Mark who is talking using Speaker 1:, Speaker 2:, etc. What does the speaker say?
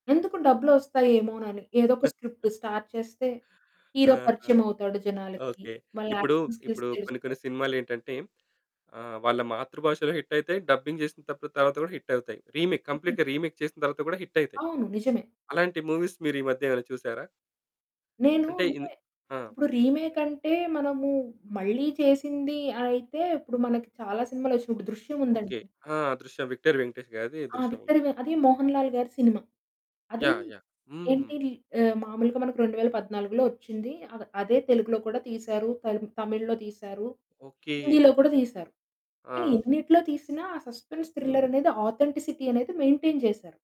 Speaker 1: ఎందుకు డబ్బులొస్తాయి ఏమో‌నని ఏదొక script start చేస్తే, హీరో
Speaker 2: ఆహా!
Speaker 1: పరిచయమవుతాడు జనాలకి.
Speaker 2: ఓకే.
Speaker 1: వాళ్ళ
Speaker 2: ఇప్పుడూ,
Speaker 1: యాక్టింగ్ స్కిల్స్
Speaker 2: ఇప్పుడు కొన్ని
Speaker 1: తెలుస్తాయి.
Speaker 2: కొన్ని సినిమాలేంటంటే ఆహ్, వాళ్ళ మాతృభాషలో హిట్ అయితాయి. డబ్బింగ్ చేసింతపుడు తర్వాత కూడా హిట్ అవుతాయి. రీమేక్, కంప్లీట్‌గా రీమేక్ చేసిన తర్వాత కూడా హిట్ అయితాయి.
Speaker 1: అవును. నిజమే.
Speaker 2: అలాంటి మూవీస్ మీరీ మధ్య ఏమైనా చూసారా?
Speaker 1: నేను
Speaker 2: అంటే ఇన్
Speaker 1: అంటే
Speaker 2: ఆ!
Speaker 1: ఇప్పడు రీమేకంటే మనము మళ్ళీ చేసింది అయితే ఇప్పుడు మనకి చాలా సినిమాలొచ్చినయి ఇప్పుడు 'దృశ్యం'
Speaker 2: ఓకే.
Speaker 1: ఉందండి
Speaker 2: ఆ! దృశ్యం. విక్టరీ వెంకటేష్ గారిది
Speaker 1: ఆ!
Speaker 2: 'దృశ్యం' ఉంది.
Speaker 1: విక్టరీ వే అది మోహన్ లాల్‌గారి సినిమా. అది
Speaker 2: యాహ్! యాహ్! హ్మ్.
Speaker 1: ఏంటి ఆ మాములుగా మనకు 2014 ఒచ్చింది. అదే తెలుగులో కూడా తీశారు, త తమిళ్‌లో తీశారు,
Speaker 2: ఓకే.
Speaker 1: హిందీలో కూడా
Speaker 2: ఓకే.
Speaker 1: తీశారు.
Speaker 2: ఆ!
Speaker 1: కానీ ఎన్నిటిలో తీసిన ఆ సస్పెన్స్
Speaker 2: హ్మ్.
Speaker 1: థ్రిల్లరనేది ఆథెంటిసిటీ అనేది మెయింటైన్ చేశారు.